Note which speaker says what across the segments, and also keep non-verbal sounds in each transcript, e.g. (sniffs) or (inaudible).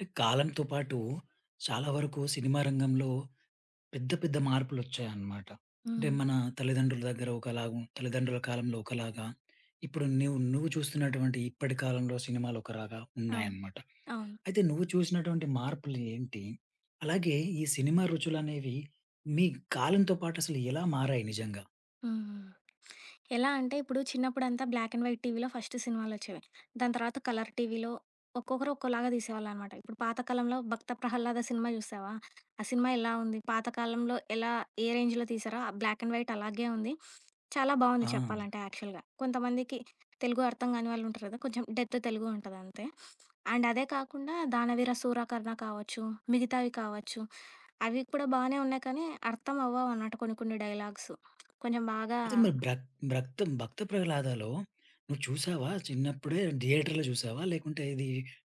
Speaker 1: ట్ కాలంతో పాటు చాలా వరుకు సినిమా రంగంలో పెద్ద పెద్ద మార్పులొచ్చాయనమాట. అంటే
Speaker 2: హ్మ్.
Speaker 1: మన తల్లిదండ్రుల దగ్గర ఒకలాగా తల్లిదండ్రుల కాలంలో ఒకలాగా ఇప్పుడు న్యు నువ్వు చూస్తునటువంటి ఇప్పటి కాలంలో సినిమాలొకరాగా
Speaker 2: అవును.
Speaker 1: ఉన్నాయన్నమాట.
Speaker 2: అవును.
Speaker 1: అయితే నువ్వు చూసినటువంటి మార్పులేంటి? అలాగే ఈ సినిమా రుచులనేవి మీ కాలంతోపాటసలెలా మారాయి నిజంగా?
Speaker 2: హ్మ్. ఎలా అంటే ఇప్పుడు చిన్నప్పుడంతా బ్లాక్ అండ్ వైట్ టీవీలో ఫస్ట్ సినిమాలొచ్చేవి. దాని తర్వాత కలర్ టీవీలో ఒక్కొక్కరు ఒక్కోలాగా దీసేవాళ్ళనమాట. ఇప్పుడు పాత కాలంలో 'భక్త ప్రహల్లాద' సినిమా జూశావా? ఆ సినిమా ఎలా ఉంది? పాత కాలంలో ఎలా, ఏ రేంజ్‌లో తీశారో? ఆ బ్లాక్ అండ్ వైట్ అలాగే ఉంది. చాలా బావుంది
Speaker 1: ఆ!
Speaker 2: చెప్పాలంటే యాక్చల్‌గా. కొంతమందికి తెలుగు అర్థం కాని వాళ్ళుంటారు కదా! కొంచుం డెత్ తెలుగుంటదంతే. అండ్ అదే కాకుండా 'దానవీరసూరకర్ణ' కావచ్చు, మిగతావి కావచ్చు, అవి కూడా బానే ఉన్నాయి కానీ, అర్థం అవ్వవనమాట కొన్ని కొన్ని డైలాగ్స్. కొంచం బాగా
Speaker 1: అయితే మరి భ్రక్ భ్రక్త్ 'భక్తప్రహల్లాదా'లో నువ్వు చూశావా? చిన్నప్పుడే థియేటర్‌లో చూశావా? లేకుంటే ఇది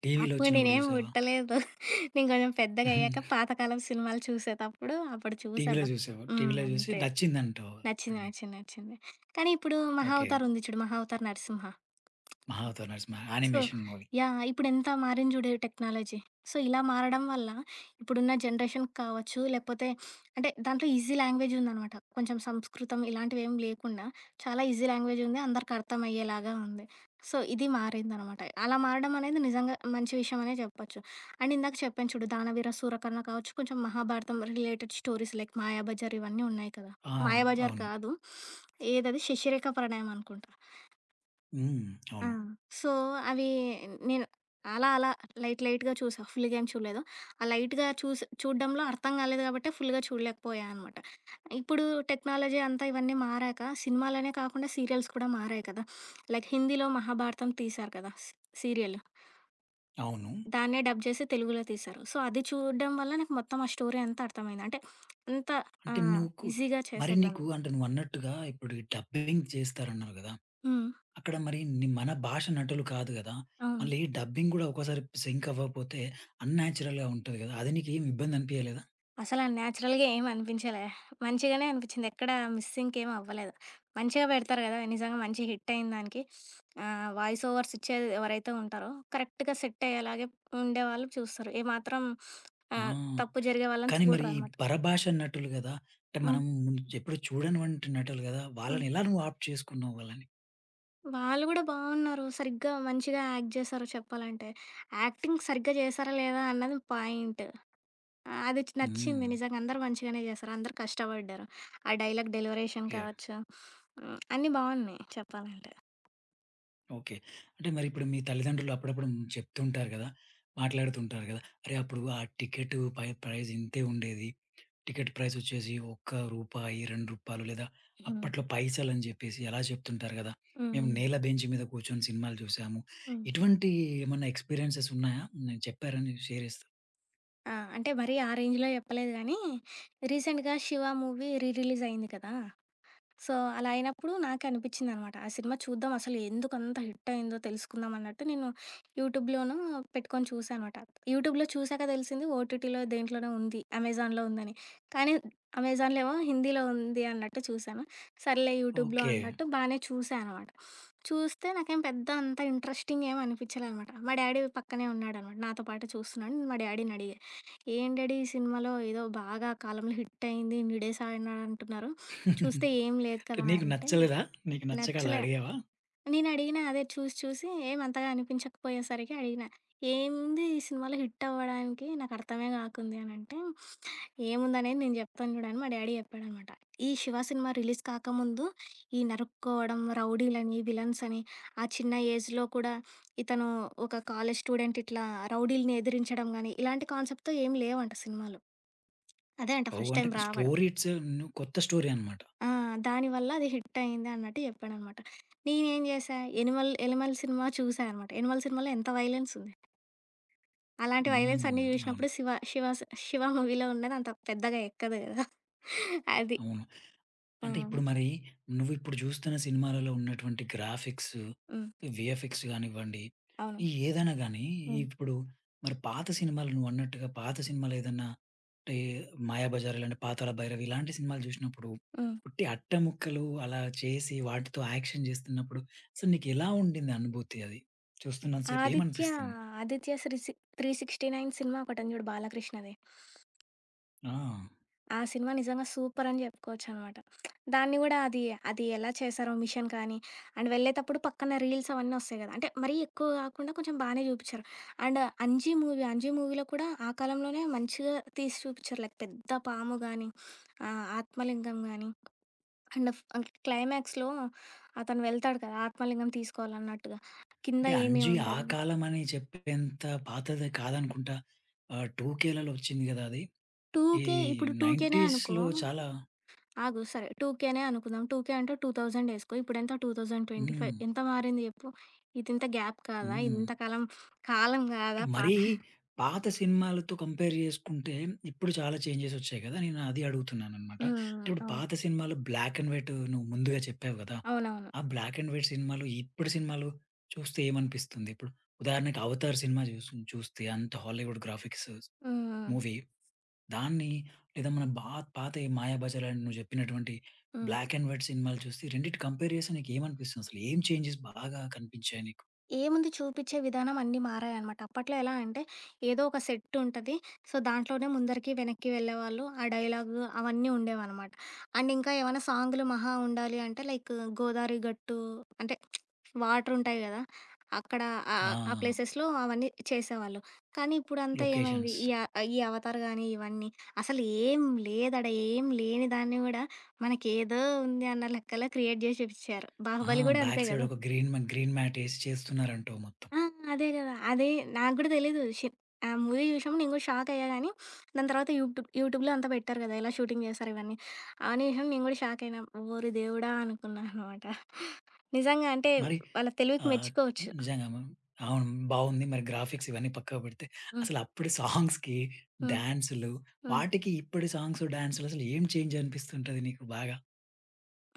Speaker 1: టీవీలో
Speaker 2: అప్పుడు
Speaker 1: ఒచ్చినప్పుడు
Speaker 2: నేనేమి
Speaker 1: చూశావా?
Speaker 2: బుట్టలేదు. నేను కొంచం పెద్దగయ్యాక
Speaker 1: హుహు.
Speaker 2: పాత కాలం సినిమాలు చూసేతప్పుడు అప్పుడు చూశా
Speaker 1: టీవీలో
Speaker 2: వా.
Speaker 1: జూశావా?
Speaker 2: హ్మ్.
Speaker 1: టీవీలో జూసి
Speaker 2: అంతే.
Speaker 1: నచ్చిందంటావు అప్పుడు
Speaker 2: నచ్చింది,
Speaker 1: నీకు.
Speaker 2: నచ్చింది, నచ్చింది. కానీ ఇప్పుడు
Speaker 1: ఓకే.
Speaker 2: మహావతారుంది చూడు 'Mahavatar Narasimha'
Speaker 1: 'Mahavatar Narasimha'
Speaker 2: so
Speaker 1: animation movie.
Speaker 2: Yeah! ఇప్పుడెంత మారింది జూడు, ఈ టెక్నాలజీ. సో, ఇలా మారడం వల్ల ఇప్పుడున్న జనరేషన్ కావచ్చు లేపోతే (sniffs) అంటే దాంట్లో ఈజీ లాంగ్వేజుందనమాట. కొంచుం సంస్కృతం ఇలాంటివేమి లేకుండా చాలా ఈజీ లాంగ్వేజుంది, అందరికి అర్థమయ్యేలాగా ఉంది. సో, ఇది మారిందనమాట. అలా మారడమనేది నిజంగా మంచి విషయమే జెప్పొచ్చు. అండ్ ఇందాక చెప్పాను చూడు 'దానవీరసూరకర్ణ' కావచ్చు, కొంచం Mahabharatam related stories like 'Mayabazar' ఇవ్వని ఉన్నాయి కదా!
Speaker 1: ఆ!
Speaker 2: 'మాయాబజార్'
Speaker 1: అవును.
Speaker 2: కాదు. (sniffs) ఏదది? 'శశిరేఖ ప్రణయమనుకుంటా.'
Speaker 1: హ్మ్.
Speaker 2: ఆ!
Speaker 1: అవును.
Speaker 2: సో అవి నేను అలా అలా లైట్ లైట్‌గా చూశా. ఫుల్‌గా ఏం చూడలేదు. ఆ లైట్‌గా చూసి చూడడంలో అర్థం కాలేదు కాబట్టే ఫుల్‌గా చూడలేకపోయానమాట. ఇప్పుడు టెక్నాలజీ అంతా ఇవన్నీ మారాక సినిమాలనే కాకుండా సీరియల్స్ కూడా మారాయి కదా! (sniffs) లైక్ హిందీలో 'మహాభారతం' తీశారు కదా! సీ సీరియలు.
Speaker 1: అవును.
Speaker 2: దాన్నే డబ్ చేసి తెలుగులో తీశారు. సో అది చూడడం వల్ల నాకు మొత్తం ఆ స్టోరీ అంతా అర్థమైంది అంటే అంత ఆ!
Speaker 1: అంటే నుకు
Speaker 2: ఈజీగా
Speaker 1: మరి
Speaker 2: చేశారు
Speaker 1: నీకు
Speaker 2: దాన్ని.
Speaker 1: అంటే నువ్వన్నట్టుగా ఇప్పుడు ఈ డబ్బింగ్ జేస్తారు అన్నావు గదా!
Speaker 2: హ్మ్.
Speaker 1: అక్కడ మరి ని మన భాష నటులు కాదు గదా!
Speaker 2: ఆ!
Speaker 1: మళ్ళీ డబ్బింగ్ కూడా ఒక్కోసారి సింక్ అవ్వకపోతే అన్‌నాచురల్‌గా ఉంటది గదా! అది నీకేమి ఇబ్బందనిపియలేదా?
Speaker 2: అసలా నాచురల్‌గా ఏమి అనిపించలే. మంచిగానే అనిపిచ్చింది. ఎక్కడా మిస్‌ సింక్ ఏమవ్వలేదు. మంచిగా పెడతారు గదా! నిజంగా మంచి హిట్ అయ్యిందానికి (sniffs) ఆహ్, వాయిస్ ఓవర్స్ ఇచ్చేది ఎవరైతే ఉంటారో కరెక్ట్‌గా సెట్ అయ్యేలాగే ఉండేవాళ్ళు చూస్తారు. ఏ మాత్రం (sniffs)
Speaker 1: ఆ!
Speaker 2: ఆహ్, తప్పు జరిగే వాళ్ళని
Speaker 1: కానీ మరి
Speaker 2: చూడరనమాట.
Speaker 1: పరభాషా నటులు గదా! అంటే
Speaker 2: ఆ!
Speaker 1: మనం ఎప్పుడు చూడనివంటి నటులు గదా! వాళ్ళనెలా నువ్వు
Speaker 2: హ్మ్.
Speaker 1: ఆప్ట్ చేసుకున్నావు వాళ్ళని?
Speaker 2: వాళ్ళు గూడా బావున్నారు. సరిగ్గా మంచిగా యాక్ట్ జేశారు చెప్పాలంటే. యాక్టింగ్ సరిగ్గా జేశారా లేదా అన్నది పాయింటు. ఆహ్, అది నచ్చింది
Speaker 1: హ్మ్.
Speaker 2: నిజంగా అందరు మంచిగానే చేశారు. అందరు కష్టబడ్డారు. ఆ డైలాగ్ డెలివరీషన్
Speaker 1: ఓకే.
Speaker 2: కావచ్చు, (sniffs) హ్మ్. అన్నీ బావున్నాయి చెప్పాలంటే.
Speaker 1: ఓకే. అంటే మరిప్పుడు. మీ తల్లిదండ్రులు అప్పుడప్పుడు చెప్తుంటారు గదా! మాట్లాడుతుంటారు గదా! అరే అప్పుడు ఆ టికెటు పై ప్రైజింతే ఉండేది. టికెటు ప్రైజొచ్చేసి. ఒక్క రూపాయి, రూ. 2 లేదా,
Speaker 2: హ్మ్.
Speaker 1: అప్పట్లో పైసలని జెప్పేసి అలా జేప్తుంటారు గదా!
Speaker 2: హ్మ్.
Speaker 1: మేము
Speaker 2: హ్మ్.
Speaker 1: నేల బెంచ్ మీద కూర్చొని సినిమాలు చూసాము.
Speaker 2: హ్మ్.
Speaker 1: ఇటువంటి ఏమన్నా ఎక్స్‌పీరియెన్సెసున్నాయా? నేన్ చెప్పారని షేర్ జేస్తా.
Speaker 2: ఆ! అంటే మరీ, ఆ రేంజ్‌లో చెప్పలేదు గానీ, రీసెంట్‌గా 'శివ' మూవీ రీ రిలీజయింది కదా! సో, అలా అయినప్పుడు నాకనిపిచ్చిందనమాట. ఆ సినిమా చూద్దాం అసలు, ఎందుకంత హిట్టయిందో, తెలుసుకుందాం అన్నట్టు నేను, యూట్యూబ్‌లోను పెట్టుకొని చూసానమాట. యూట్యూబ్‌లో చూశాక దెలిసింది. ఓటీటీలో దేంట్లోనో ఉంది. అమెజాన్‌లో ఉందని. కానీ, అమెజాన్‌లేమో హిందీలో ఉంది అన్నట్టు చూసాను. సర్లే యూట్యూబ్‌లో
Speaker 1: ఓకే.
Speaker 2: అన్నట్టు బానే చూసానమాట. (sniffs) చూస్తే నాకేం పెద్ద అంత ఇంట్రెస్టింగేం అనిపించలేదనమాట. మా డ్యాడీ పక్కనే ఉన్నాడనమాట. నాతో పాటు చూస్తున్నాడు. నేను మా డ్యాడీని అడిగా, "ఏంటి డ్యాడీ ఈ సినిమాలో ఏదో బాగా కాలంలో హిట్టయింది. ఇన్ని డేసాడినాడు అంటున్నారు. చూస్తే ఏం
Speaker 1: (giggles)
Speaker 2: లేదు
Speaker 1: అంటే
Speaker 2: కదా"
Speaker 1: నీకు
Speaker 2: అంటే
Speaker 1: నచ్చలేదా? నీకు నచ్చక అలా
Speaker 2: నచ్చలే.
Speaker 1: అడిగావా?
Speaker 2: నేను అడిగిన అదే చూసి చూసి ఏమంతగా అనిపించకపోయేసరికి అడిగిన. "ఏముంది ఈ సినిమాలో హిట్టవ్వడానికి? నాకర్థమే కాకుంది" అనంటే, ఏముందనేది నేను జెప్తాను చూడు అని మా డ్యాడీ జేప్పాడనమాట. "ఈ 'శివ' సినిమా రిలీజ్ కాకముందు, ఈ నరుక్కోవడం, రౌడీలని, విలన్సని ఆ చిన్న ఏజ్‌లో కూడా, ఇతను ఒక కాలేజ్ స్టూడెంటిట్లా రౌడీలని ఎదిరించడం గానీ, ఇలాంటి కాన్సెప్ట్‌తో. ఏం లేవు" అంట సినిమాలు. అదే అంట
Speaker 1: ఓహ్!
Speaker 2: ఫస్ట్
Speaker 1: అంటే
Speaker 2: టైం రావడం.
Speaker 1: స్టోరీట్స్ ను కొత్త స్టోరీ అన్నమాట.
Speaker 2: ఆ! దాని వల్ల అది హిట్టయిందన్నట్టు చెప్పాడన్నమాట. నేనేం జేశా? 'ఎనిమల్' 'ఎనిమల్' సినిమా చూశానమాట. 'ఎనిమల్' సినిమాలో ఎంత వయలెన్సుంది? అలాంటి
Speaker 1: హ్మ్.
Speaker 2: వయలెన్సన్ని
Speaker 1: అవును.
Speaker 2: జూసినప్పుడు. సివ శివస శివ మూవీ‌లో ఉన్నదంత పెద్దగా ఎక్కదు కదా. (chuckles) అది.
Speaker 1: అవును. అంటే
Speaker 2: హ్మ్.
Speaker 1: ఇప్పుడు మరి, నువ్విప్పుడు జూస్తున్న సినిమాలలో ఉన్నటువంటి గ్రాఫిక్సు,
Speaker 2: హ్మ్.
Speaker 1: వీఎఫ్ఎక్స్ గానివ్వండి.
Speaker 2: అవును.
Speaker 1: ఈ ఏదన్నా గానీ,
Speaker 2: హ్మ్.
Speaker 1: ఇప్పుడు మరి పాత సినిమాలు నువ్వన్నట్టుగా, పాత సినిమాలేదన్నాంటే, 'మాయాబజార్' ఇలా 'పాతాళ భైరవి' ఇలాంటి సినిమాలు జూసినప్పుడు,
Speaker 2: హ్మ్.
Speaker 1: ఉట్టి అట్టముక్కలు అలా చేసి, వాటితో యాక్షన్ జేస్తున్నప్పుడు. సో, నీకెలా ఉండింది అనుభూతి అది? చూస్తున్నంత సేపు
Speaker 2: 'ఆదిత్య'
Speaker 1: ఏమనిపిస్తుంది?
Speaker 2: 'ఆదిత్య శ్రీ సి త్రీ సిక్స్‌టి నైన్' సినిమా ఒకటుంది చూడు 'బాలకృష్ణది'.
Speaker 1: ఆ!
Speaker 2: ఆ సినిమా నిజంగా సూపరని జెప్పుకోవచ్చనమాట. దాన్ని గూడా అది అది ఎలా చేశారో మిషన్ కానీ, అండ్ వెళ్ళేతప్పుడు పక్కన రీల్స్ అవన్నొస్తాయి గదా! అంటే మరీ ఎక్కువ కాకుండా కొంచెం బానే జూపించారు. అండ్ 'అంజి' మూవీ అంజి మూవీలో కూడా ఆ కాలంలోనే మంచిగా తీసి చూపించారు లైక్ పెద్ద పాము గానీ, ఆహ్, ఆత్మలింగం గానీ, అండ్ ఫ్ ఆహ్, క్లైమాక్స్‌లో అతను వెళ్తాడు కదా! ఆత్మలింగం తీసుకోవాలన్నట్టుగా, కింద
Speaker 1: అంటే
Speaker 2: ఏమీ
Speaker 1: 'అంజీ' ఆ
Speaker 2: ఉండదు.
Speaker 1: కాలమని చెప్పేంత పాతది కాదనుకుంటా? ఆహ్, 2 కేలో వచ్చింది గదా! అది.
Speaker 2: టూ
Speaker 1: ఈ
Speaker 2: కే ఇప్పుడు 2కేనే అనుకో,
Speaker 1: 90స్‌లో చాలా
Speaker 2: ఆగు సరే. 2కేనే అనుకుందాం. 2కే అంటే 2000 ఏసుకో. ఇప్పుడెంత? 2025
Speaker 1: హ్మ్.
Speaker 2: ఎంత మారింది జెప్పు? ఇదింత గ్యాప్ కాదా?
Speaker 1: హ్మ్.
Speaker 2: ఇంత కాలం కాలం గాదా? పా
Speaker 1: మరీ పాత సినిమాలతో కంపేర్ జేసుకుంటే ఇప్పుడు చాలా చేంజెస్ ఒచ్చాయి గదా! నేను అది అడుగుతున్నానన్నమాట. అంటే
Speaker 2: హ్మ్.
Speaker 1: ఇప్పుడు
Speaker 2: అవును.
Speaker 1: పాత సినిమాలు బ్లాక్ అండ్ వైట్ నువ్వు ముందుగా చెప్పావు గదా!
Speaker 2: అవునవును.
Speaker 1: ఆ బ్లాక్ అండ్ వైట్ సినిమాలు, ఇప్పడు సినిమాలు చూస్తే ఏమనిపిస్తుంది? ఇప్పుడు ఉదాహరణకి 'అవతార్' సినిమా చూసుంచు చూస్తే అంత హాలీవుడ్ గ్రాఫిక్స్
Speaker 2: హ్మ్.
Speaker 1: మూవీ దాన్ని లేదా మన బా పాత 'మాయాబజార్' అని నువ్వు చెప్పినటువంటి
Speaker 2: హ్మ్.
Speaker 1: బ్లాక్ అండ్ వైట్ సినిమాలు చూస్తే ఈ రెండిటిని కంపేర్ చేస్తే నీకు ఏమనిపిస్తుందసలు? ఏం చేంజెస్ బాగా కనిపించాయి నీకు?
Speaker 2: ఏముంది చూపిచ్చే విధానం అన్నీ మారాయనమాట. అప్పట్లో ఎలా అంటే ఏదో ఒక సెట్టుంటది. సో, దాంట్లోనే ముందరికి వెనక్కి వెళ్ళేవాళ్ళు, ఆ డైలాగు, అవన్నీ ఉండేవనమాట. అండ్ ఇంక ఏమైనా సాంగు‌లు మహా ఉండాలి అంటే లైకు గోదావరి గట్టు అంటే వాటరుంటాయి గదా! అక్కడ ఆ ఆ ఆ
Speaker 1: ఆ!
Speaker 2: ప్లేసెస్‌లో అవన్నీ చేసేవాళ్ళు. కానీ, ఇప్పుడంతా ఏమైంది?
Speaker 1: లొకేషన్స్.
Speaker 2: ఈ అ ఈ 'అవతార్' గానీ, ఇవన్నీ అసలేం లేదాడా, ఏం లేని దాన్ని గూడా మనకేదో ఉంది అన్న లెక్కలో క్రియేట్ జేసి జూపిచ్చారు.
Speaker 1: ఆ!
Speaker 2: 'బాహుబలి' గూడా
Speaker 1: బ్యాక్
Speaker 2: అంతే
Speaker 1: సైడ్
Speaker 2: గదా!
Speaker 1: ఒక గ్రీన్ మ గ్రీన్ మ్యాటేసి చేస్తున్నారంటావు మొత్తం.
Speaker 2: ఆ! అదే గదా! అదే నాగూడా తెలీదు షేప్ ఆ మూవీ చూసినప్పుడు నేను కూడా షాక్ అయ్యా గానీ, దాన్ని తరువాత యూట్యూబ్ యూట్యూబ్‌లో అంతా పెట్టారు గదా! ఎలా షూటింగ్ జేస్తారు ఇవన్నీ. ఆ నిమిషం నేను గూడా షాకయినా. ఓరి దేవుడా! అనుకున్నా అనమాట. నిజంగా అంటే
Speaker 1: మరి
Speaker 2: వాళ్ళ తెలివికి
Speaker 1: ఆహ్,
Speaker 2: మెచ్చుకోవచ్చు.
Speaker 1: నిజంగా, మనం అవును. బావుంది. మరి గ్రాఫిక్స్ ఇవన్నీ పక్కకు పెడితే
Speaker 2: హ్మ్.
Speaker 1: అసలప్పుడు సాంగ్స్‌కి
Speaker 2: హ్మ్.
Speaker 1: డాన్సులు
Speaker 2: హ్మ్.
Speaker 1: వాటికి ఇప్పడి సాంగ్స్ డాన్సులు అసలేం చేంజ్ అనిపిస్తుంటది నీకు బాగా?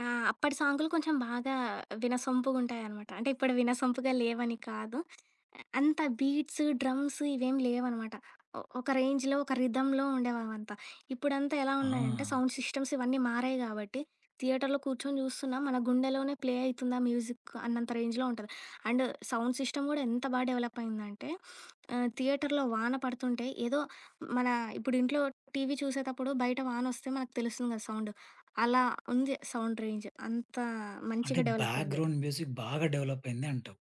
Speaker 2: ఆ! అప్పటి సాంగులు కొంచెం బాగా వినసొంపుగుంటాయి అనమాట. అంటే ఇప్పుడు వినసొంపుగా లేవని కాదు, అంత బీట్స్, డ్రమ్స్ ఇవేమీ లేవనమాట. ఒ ఒక రేంజ్‌లో ఒక రిథమ్‌లో ఉండే అవంతా. ఇప్పుడంతా ఎలా ఉన్నాయంటే,
Speaker 1: ఆ!
Speaker 2: సౌండ్ సిస్టమ్స్ ఇవన్నీ మారాయి కాబట్టి, థియేటర్‌లో కూర్చొని జూస్తున్నా మన గుండెలోనే ప్లే అయితుందా మ్యూజిక్ అన్నంత రేంజ్‌లో ఉంటది. అండ్ సౌండ్ సిస్టమ్ గూడా ఎంత బాగా డెవలప్ అయిందంటే, (sniffs) ఆహ్, థియేటర్‌లో వాన పడుతుంటే, ఏదో మన ఇప్పుడు ఇంట్లో టీవీ చూసేటప్పుడు బయట వానొస్తే మనకు తెలుస్తుంది కదా సౌండ్. అలా ఉంది సౌండ్ రేంజ్. అంత
Speaker 1: అంటే,
Speaker 2: మంచిగా డెవలప్ అయింది.
Speaker 1: బ్యాక్‌గ్రౌండ్ మ్యూజిక్ బాగా డెవలప్ అయింది అంటావు?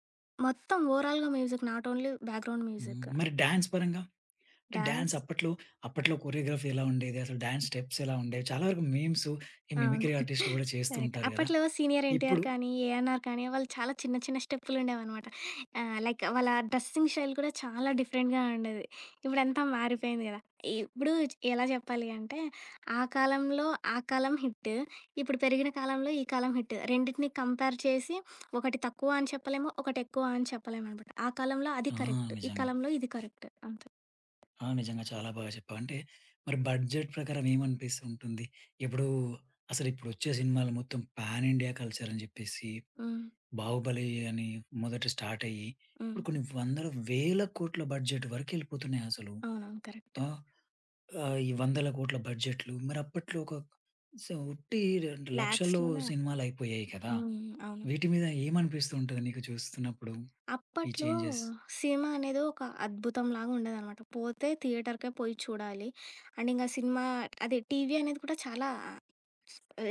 Speaker 2: మొత్తం ఓవర్‌ఆల్‌గా మ్యూజిక్ నాట్ ఓన్‌లీ బ్యాక్‌గ్రౌండ్
Speaker 1: హ్మ్.
Speaker 2: మ్యూజిక్.
Speaker 1: మరి డ్యాన్స్ పరంగా? అంటే డ్యాన్స్
Speaker 2: డ్యాన్స్
Speaker 1: అప్పట్లో, అప్పట్లో కొరియోగ్రఫీ ఎలా ఉండేది అసలు డ్యాన్స్ స్టెప్స్ ఎలా ఉండేవి చాలా వరకు మీమ్స్, ఈ
Speaker 2: అవును
Speaker 1: మిమిక్రీ ఆర్టిస్టులు
Speaker 2: (chuckles)
Speaker 1: కూడా చేస్తూ
Speaker 2: కరెక్ట్.
Speaker 1: ఉంటారు గదా?
Speaker 2: అప్పట్లో 'సీనియర్ ఎన్టీఆర్'
Speaker 1: ఇప్పుడు
Speaker 2: కానీ, 'ఏఎన్ఆర్' కానీ, వాళ్ళు చాలా చిన్న చిన్న స్టెప్పులు ఉండేవి అనమాట. లైక్ వాళ్ళ డ్రెస్సింగ్ స్టైల్ కూడా చాలా డిఫరెంట్‌గా ఉండేది. ఇప్పుడు అంతా మారిపోయింది గదా! ఇప్పుడు ఎలా చెప్పాలి అంటే, ఆ కాలంలో ఆ కాలం హిట్, ఇప్పుడు పెరిగిన కాలంలో ఈ కాలం హిట్. రెండిటిని కంపేర్ చేసి, (sniffs) ఒకటి తక్కువ అని చెప్పలేము. ఒకటి ఎక్కువ అని చెప్పలేమునమాట. ఆ కాలంలో అది
Speaker 1: ఆ!
Speaker 2: కరెక్ట్. ఈ
Speaker 1: నిజంగా.
Speaker 2: కాలంలో ఇది కరెక్ట్. అంతె.
Speaker 1: ఆ! నిజంగా చాలా బాగా చెప్పావు అంటే, మరి బడ్జెట్ ప్రకారం ఏమని అనిపిస్తుంటుంది? ఇప్పుడు, అసలిప్పుడు ఒచ్చే సినిమాలు మొత్తం పాన్ ఇండియా కల్చర్ అని జెప్పేసి,
Speaker 2: హ్మ్.
Speaker 1: 'బాహుబలి' అని మొదటి స్టార్ట్ అయ్యి, ఇప్పుడు
Speaker 2: హ్మ్.
Speaker 1: కొన్ని వందల, వేల కోట్ల బడ్జెట్ వరకెళ్ళిపోతున్నాయి అసలు.
Speaker 2: అవునవును. కరెక్టే.
Speaker 1: ఆ! ఆహ్, ఈ వందల కోట్ల బడ్జెట్‌లు మరి అప్పట్లో ఒక స ఉట్టి లక్షల్లో
Speaker 2: లాక్స్‌లోనే.
Speaker 1: సినిమాలు అయిపోయాయి కదా?
Speaker 2: హ్మ్. అవును.
Speaker 1: వీటి మీద ఏమనిపిస్తుంటది నీకు చూస్తున్నప్పుడు, ఈ
Speaker 2: అప్పట్లో,
Speaker 1: చేంజెస్.
Speaker 2: సినిమా అనేది ఒక అద్భుతంలాగా ఉండేదనమాట. పోతే థియేటరుకే పోయి చూడాలి. అండ్ ఇంకా సినిమా, అది టీవీ అనేది కూడా చాలా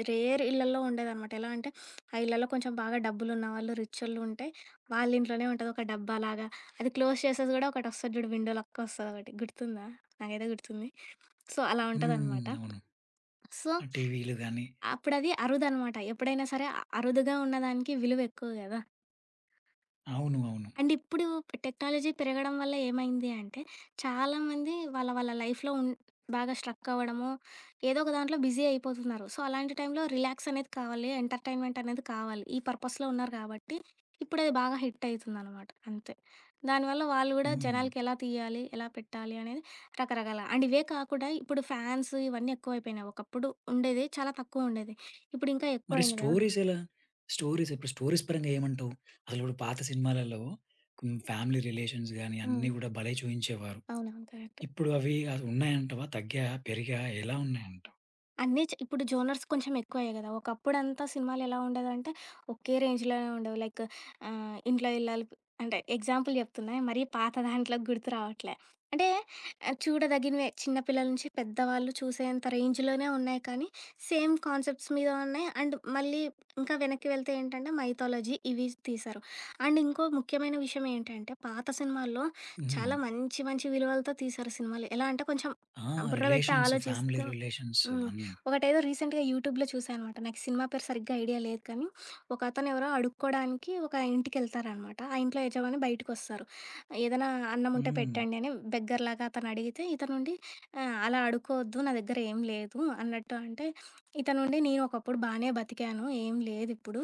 Speaker 2: రేర్ ఇళ్ళల్లో ఉండేదనమాట. (sniffs) ఎలా అంటే, ఆ ఇళ్లలో కొంచెం బాగా డబ్బులు ఉన్నవాళ్ళు రిచొళ్ళు ఉంటే, వాళ్ళ ఇంట్లోనే ఉంటుంది ఒక డబ్బాలాగా అది క్లోజ్ చేసేది గూడా ఒకటొస్తది జూడు, విండో లెక్క ఒస్తది ఒకటి గుర్తుందా? నాకైతే గుర్తుంది. సో, అలా ఉంటుంది అనమాట.
Speaker 1: హ్మ్! అవును.
Speaker 2: సో,
Speaker 1: ఆ టీవీలు గాని
Speaker 2: అప్పుడు అది అరుదు అనమాట ఎప్పుడైనా సరే అరుదుగా ఉన్నదానికి విలువ ఎక్కువ గదా?
Speaker 1: అవును. అవును.
Speaker 2: అండ్ ఇప్పుడూ టెక్నాలజీ పెరగడం వల్ల ఏమైంది అంటే, చాలామంది వాళ్ళ వాళ్ళ లైఫ్‌లో బాగా లైఫ్‌లో అవ్వడము, ఏదో ఒక దాంట్లో బిజీ అయిపోతున్నారు. సో, అలాంటి టైంలో రిలాక్స్ అనేది కావాలి ఎంటర్టైన్మెంట్ అనేది కావాలి, ఈ పర్‌పస్స్‌లో ఉన్నారు గాబట్టి. ఇప్పుడది బాగా హిట్ అవుతుంది అనమాట, అంతే. దానివల్ల వాళ్ళు కూడా
Speaker 1: హ్మ్.
Speaker 2: జనాలకి ఎలా తీయాలి, ఎలా పెట్టాలి అనేది రకరకాల అండ్ ఇవే కాకుండా, ఇప్పుడు ఫ్యాన్స్ ఇవన్నీ ఎక్కువైపోయినాయి. ఒకప్పుడు ఉండేది, చాలా తక్కువ ఉండేది. ఇప్పుడు ఇంకా ఎక్కువ
Speaker 1: మరి
Speaker 2: అయింది గదా!
Speaker 1: స్టోరీస్ ఎలా? స్టోరీస్ ఇప్పుడు స్టోరీస్, పరంగా ఏమంటావు? అసలు ఇప్పుడు పాత సినిమాలలో, కొన్ని ఫ్యామిలీ రిలేషన్స్ గాని, అన్ని
Speaker 2: హ్మ్.
Speaker 1: గూడా భలే! చుయించేవారు.
Speaker 2: అవునవును. కరెక్ట్.
Speaker 1: ఇప్పుడు అవి అసలు ఉన్నాయంటావా? తగ్గాయ? పెరిగాయ? ఎలా ఉన్నాయంటావు?
Speaker 2: అన్నీ చే ఇప్పుడు జోనర్స్ కొంచెం ఎక్కువయ్యాయి గదా! ఒకప్పుడంతా సినిమాలేలా ఉండేదంటే ఒకే రేంజ్‌‌లోనే ఉండేవి. లైక్ ఆహ్, ఇంట్లో ఇల్లాలు అంటే ఎగ్జాంపుల్ జెప్తున్నా మరీ పాత దాంట్లో గుర్తు రావట్లే. అంటే చూడదగినవే చిన్న పిల్లల నుంచి పెద్దవాళ్ళు చూసేంత రేంజ్‌లోనే ఉన్నాయి కానీ సేమ్ కాన్సెప్ట్స్ మీద ఉన్నాయి, అండ్ మళ్ళీ ఇంకా వెనక్కి వెళ్తే ఏంటంటే మైథాలజీ ఇవి తీశారు. అండ్ ఇంకో ముఖ్యమైన విషయమేంటంటే పాత సినిమాల్లో చాలా
Speaker 1: హుహు.
Speaker 2: మంచి మంచి విలువలతో తీశారు సినిమాలు. ఎలా అంటే కొంచెం
Speaker 1: ఆ!
Speaker 2: బుర్ర బెట్టి
Speaker 1: రిలేషన్స్, ఫ్యామిలీ
Speaker 2: ఆలోచిస్తూ
Speaker 1: రిలేషన్స్
Speaker 2: హ్మ్.
Speaker 1: అన్నీ.
Speaker 2: ఒకటేదో రీసెంట్‌గా యూట్యూబ్‌లో చూశాననమాట. నాకు సినిమా పేరు సరిగ్గా ఐడియా లేదు కానీ, ఒకతను ఎవరో అడుక్కోవడానికి ఒక ఇంటికెళ్తారనమాట ఆ ఇంట్లో యజమాని బయటికొస్తారు. ఏదైనా అన్నం ఉంటే
Speaker 1: హ్మ్.
Speaker 2: పెట్టండి అని బెగ్గర్‌లాగా అతను అడిగితే ఇతను ఉండి ఆహ్, అలా అడుకోవద్దు నా దగ్గరేం లేదు. అన్నట్టు అంటే ఇతనుండి నేను ఒకప్పుడు బానే బతికాను ఏం లేదిప్పుడు.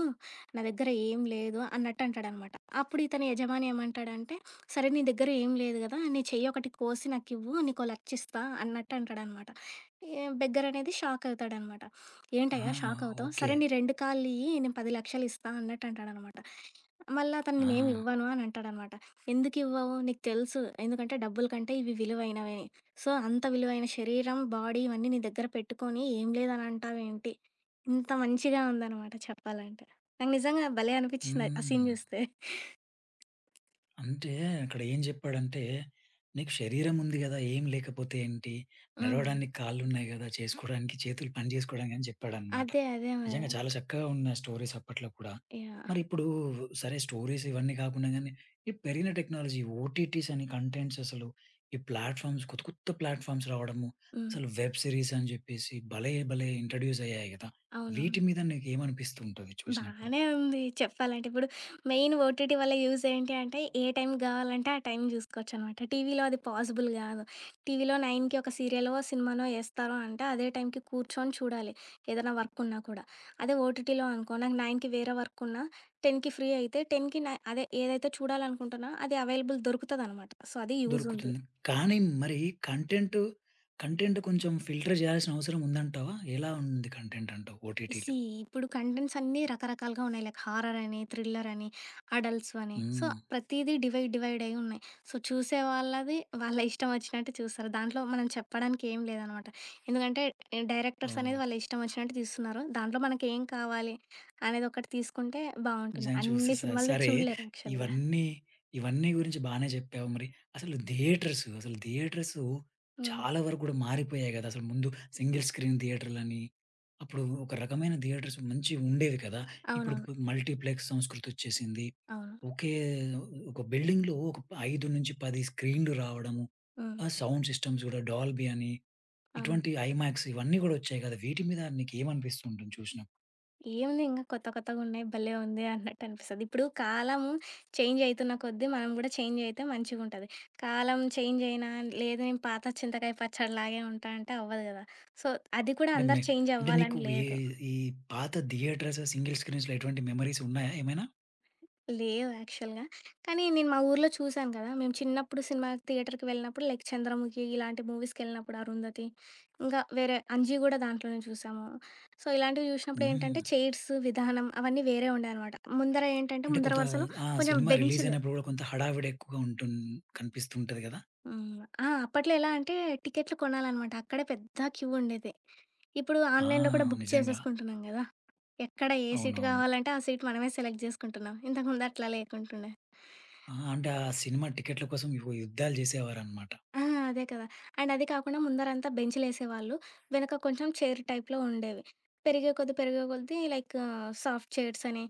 Speaker 2: నా దగ్గర ఏం లేదు అన్నట్టు అంటాడనమాట. అప్పుడు ఇతని యజమాని ఏమంటాడంటే సరే నీ దగ్గర ఏం లేదు గదా! నీ చెయ్యి ఒకటి కోసి నాకివ్వు నీకో 1,00,000 ఇస్తా అన్నట్టు అంటాడనమాట. యె బెగ్గర్ అనేది షాక్ అవుతాడన్నమాట.
Speaker 1: ఆ!
Speaker 2: ఏంటయ్యా! షాక్ అవుతావు!
Speaker 1: ఓకే.
Speaker 2: సరే నీ 2 కాళ్ళియ్యి నేను పది లక్షలిస్తా అన్నట్టంటాడన్నమాట. మళ్ళ అతను
Speaker 1: ఆ!
Speaker 2: నేనేమివ్వను అని అంటాడన్నమాట. ఎందుకివ్వవు నీకు తెలుసు ఎందుకంటే డబ్బుల కంటే ఇవి విలువైనవని. సో, అంత విలువైన శరీరం బాడీ ఇవన్నీ నీ దగ్గర పెట్టుకొని ఏం లేదని అంటావేంటి? ఇంత మంచిగా ఉందనమాట చెప్పాలంటే. నాకు నిజంగా భలే అనిపిచింది! ఆ సీన్
Speaker 1: హ్మ్.
Speaker 2: జూస్తే. (chuckles)
Speaker 1: అంటే అక్కడేం జెప్పాడంటే నీకు శరీరం ఉంది గదా! ఏం లేకపోతే ఏంటి?
Speaker 2: హ్మ్.
Speaker 1: నడవడానికి కాళ్ళున్నాయి గదా! చేసుకోవడానికి చేతులు పని చేసుకోవడానికి అని జెప్పాడన్నమాట.
Speaker 2: అదే. అదే మరి.
Speaker 1: నిజంగా చాలా చక్కగా ఉన్నాయి స్టోరీస్ అప్పట్లో కూడా.
Speaker 2: యాహ్!
Speaker 1: మరిప్పుడు సరే స్టోరీస్ ఇవన్నీ గాకుండా గానీ ఈ పెరిగిన టెక్నాలజీ ఓటీటీస్ అని కంటెంట్స్ అసలు ఈ ప్లాట్‌ఫార్మ్స్ కొత్త కొత్త ప్లాట్‌ఫార్మ్స్ రావడము
Speaker 2: హ్మ్.
Speaker 1: అసలు వెబ్ సిరీస్ అని జెప్పేసి భలే! భలే! ఇంట్రొడ్యూస్ అయ్యాయి గదా! వీటి
Speaker 2: అవునవును.
Speaker 1: మీద నీకేమనిపిస్తు ఉంటుంది చూసినప్పుడు?
Speaker 2: బానే ఉంది చెప్పాలంటే ఇప్పుడు. మెయిన్ ఓటీటీ వల్ల యూజ్ ఏంటి అంటే ఏ టైమ్ గావాలంటే ఆ టైమ్ జూసుకోవచ్చనమాట. టీవీలో అది పాజిబుల్ గాదు. టీవీలో 9కి ఒక సీరియల్ సినిమానో ఏస్తారో అంటే అదే టైమ్‌కి కూర్చొని చూడాలి ఏదైనా వర్క్ ఉన్నా కూడా. అదే ఓటీటీలో అనుకో నాకు 9కి వేరే వర్క్ ఉన్న 9కి ఫ్రీ అయితే 10కి న అదే ఏదైతే చూడాలనుకుంటున్నా అది అవైలబుల్ దొరుకుతదనమాట. సో, అది యూజ్ ఉంది.
Speaker 1: దొరుకుతుంది. కానీ మరి కంటెంటు? కంటెంటు కొంచెం ఫిల్టర్ జేయాల్సిన అవసరం ఉందంటావా? ఎలా ఉంది కంటెంట్ అంటావు ఓటీటీలో?
Speaker 2: సీ ఇప్పుడు కంటెంట్స్ అన్నీ రకరకాలుగా ఉన్నాయి. లైక్ హారర్ అని థ్రిల్లరని, అడల్ట్స్ అని సో,
Speaker 1: హ్మ్.
Speaker 2: ప్రతీదీ డివైడ్ డివైడయ్యున్నాయి. సో, చూసే వాళ్ళవి వాళ్ళ ఇష్టం ఒచ్చినట్టు చూస్తారు. దాంట్లో మనం చెప్పడానికి ఏం లేదనమాట. ఎందుకంటే డైరెక్టర్స్
Speaker 1: ఓహ్!
Speaker 2: అనేది వాళ్ళిష్టవొచ్చినట్టు తీస్తున్నారు. దాంట్లో మనకేం కావాలి అనేది ఒకటి తీసుకుంటే బావుంటుంది.
Speaker 1: నిజంగా
Speaker 2: అన్ని
Speaker 1: చూస్తేస.
Speaker 2: సినిమాలు
Speaker 1: సరే!
Speaker 2: చూడలేరు యాక్చువల్‌గ.
Speaker 1: ఇవన్నీ ఇవన్నీ గురించి బానే జెప్పావు మరి. అసలు థియేటర్స్ అసలు థియేటర్స్
Speaker 2: హ్మ్.
Speaker 1: చాలా వరకు గూడా మారిపోయాయి గదా అసలు! ముందు సింగిల్ స్క్రీన్ థియేటర్‌లని అప్పుడు ఒక రకమైన థియేటర్స్ మంచివి ఉండేవి కదా! ఇప్పుడు
Speaker 2: అవునవును.
Speaker 1: మల్టీప్లెక్స్ సంస్కృతొచ్చేసింది.
Speaker 2: అవును.
Speaker 1: ఒకే ఒక బిల్డింగ్‌లో ఒక 5 నుంచి 10 స్క్రీన్‌లు రావడము.
Speaker 2: హ్మ్.
Speaker 1: ఆ సౌండ్ సిస్టమ్స్ కూడా డాల్బీ అని
Speaker 2: అవును.
Speaker 1: ఇటువంటి ఐమాక్స్ ఇవన్నీ గూడా ఒచ్చాయి కదా! వీటి మీద నికేమనిపిస్తుంది ఉంటుంది చూసినప్పుడు?
Speaker 2: ఏముందింక కొత్త కొత్తగున్నాయి. భలే ఉంది అన్నట్టనిపిస్తది. ఇప్పుడు కాలము చేంజయితున్న కొద్ది మనం గూడా చేంజయితే మంచిగుంటది. కాలం చేంజయినా లేదు నేను పాత చింతకాయ పచ్చడిలాగే ఉంటా అంటే అవ్వదు గదా! సో అది కూడా అందరు
Speaker 1: నమ్మే అంటే నీకు
Speaker 2: చేంజవ్వాలని
Speaker 1: వే
Speaker 2: లేదు.
Speaker 1: ఈ పాత థియేటర్స్ సింగిల్ స్క్రీన్స్‌లో ఎటువంటి మెమోరీసున్నాయా ఏమైనా?
Speaker 2: లేవు యాక్చవల్‌గా. కానీ నేను మా ఊరిలో చూశాను గదా! మేము చిన్నప్పుడు సినిమా థియేటర్‌కెళ్ళినప్పుడు లైక్ 'చంద్రముఖి' ఇలాంటి మూవీస్‌కెళ్ళినప్పుడు, 'అరుంధతి' ఇంకా వేరే 'అంజి' గూడా దాంట్లోనే జూశాము. సో ఇలాంటివి
Speaker 1: హ్మ్.
Speaker 2: జూసినప్పుడేంటంటే చైర్స్ విధానం అవన్నీ వేరే ఉండేయనమాట. ముందర ఏటంటే
Speaker 1: అంటే
Speaker 2: ముందర
Speaker 1: కొంతా
Speaker 2: వరసులో
Speaker 1: ఆ
Speaker 2: కొంచెం
Speaker 1: సినిమా
Speaker 2: బెంచ్లు.
Speaker 1: రిలీజయినప్పుడు గూడా కొంత హడావిడేక్కువగా ఉంటున్ కనిపిస్తూంటది గదా!
Speaker 2: హ్మ్. ఆ! అ అప్పట్లో ఎలాంటే టికెట్లు కొనాలనమాట. అక్కడే పెద్ద క్యూ ఉండేది. ఇప్పుడు
Speaker 1: ఆ!
Speaker 2: ఆన్‌లైన్‌లో కూడా బుక్
Speaker 1: నిజంగా.
Speaker 2: చేసేసుకుంటున్నాం గదా! ఎక్కడ ఏ సీట్
Speaker 1: అవునవును.
Speaker 2: గావాలంటే ఆ సీట్ మనమే సెలెక్ట్ జేసుకుంటున్నాం. ఇంతకుముందట్లా లేకుంటుండే.
Speaker 1: ఆ! అంటే ఆ సినిమా టికెట్‌‌ల కోసం ఓ యుద్ధాలు జేసేవారనమాట.
Speaker 2: ఆ! అదే కదా! అండ్ అదే కాకుండా ముందరంతా బెంచ్‌లేసేవాళ్ళు వెనుక కొంచెం చైరు టైప్‌లో ఉండేవి. పెరిగే కొద్దీ పెరిగే కొద్దీ లైకు సాఫ్ట్ చైర్సని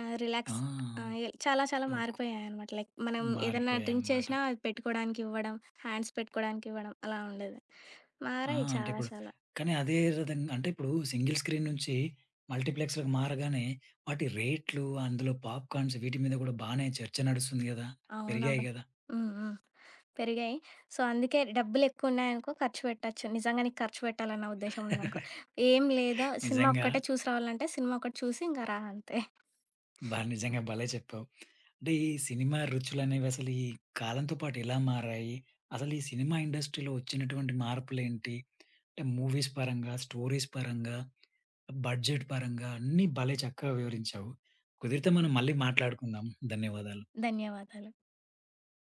Speaker 2: ఆహ్,
Speaker 1: ఆ!
Speaker 2: రిలాక్స్ ఆహ్, చాలా చాలా
Speaker 1: లోకు
Speaker 2: మారిపోయాయనమాట. లైక్ మనం ఏదన్నా డ్రింక్
Speaker 1: మారిపోయాయనమాట.
Speaker 2: చేషినా పెట్టుకోవడానికివ్వడం. హ్యాండ్స్ పెట్టుకోవడానికివ్వడం అలా ఉండేది.
Speaker 1: ఆ!
Speaker 2: మారాయి
Speaker 1: అంటే
Speaker 2: చాలా
Speaker 1: ఇప్పుడు
Speaker 2: చాలా.
Speaker 1: కానీ అదే విధంగా అంటే ఇప్పుడు సింగిల్ స్క్రీన్ నుంచి మల్టీప్లెక్స్‌లకి మారగానే వాటి రేట్లు అందులో పాప్‌కాన్స్ వీటి మీద గూడా బానే చర్చ నడుస్తుంది గదా! పెరిగాయి
Speaker 2: అవునబ్బా!
Speaker 1: గదా!
Speaker 2: హ్మ్. హ్మ్. పెరిగాయి. సో అందుకే డబ్బులెక్కువున్నాయనుకో ఖర్చు పెట్టొచ్చు. నిజంగా నీకు ఖర్చు బెట్టాలన్న ఉద్దేశ్యం ఉందనుకో
Speaker 1: (chuckles)
Speaker 2: ఏం లేదా సినిమా
Speaker 1: నిజంగా.
Speaker 2: ఒక్కటే చూసి రావాలనంటే సినిమా ఒకటి చూసి ఇంకా రా అంతే.
Speaker 1: బా
Speaker 2: (giggles)
Speaker 1: నిజంగా భలే చెప్పావు. అంటే ఈ సినిమా రుచులనేవసలు ఈ కాలంతో పాటు ఎలా మారాయి? అసలీ సినిమా ఇండస్ట్రీలో ఒచ్చినటువంటి మార్పులేంటి? అంటే మూవీస్ పరంగా, స్టోరీస్ పరంగా, బడ్జెట్ పరంగా అన్నీ భలే చక్కగా వివరించావు. కుదిరితే మనం మళ్ళీ మాట్లాడుకుందాం. ధన్యవాదాలు.
Speaker 2: ధన్యవాదాలు.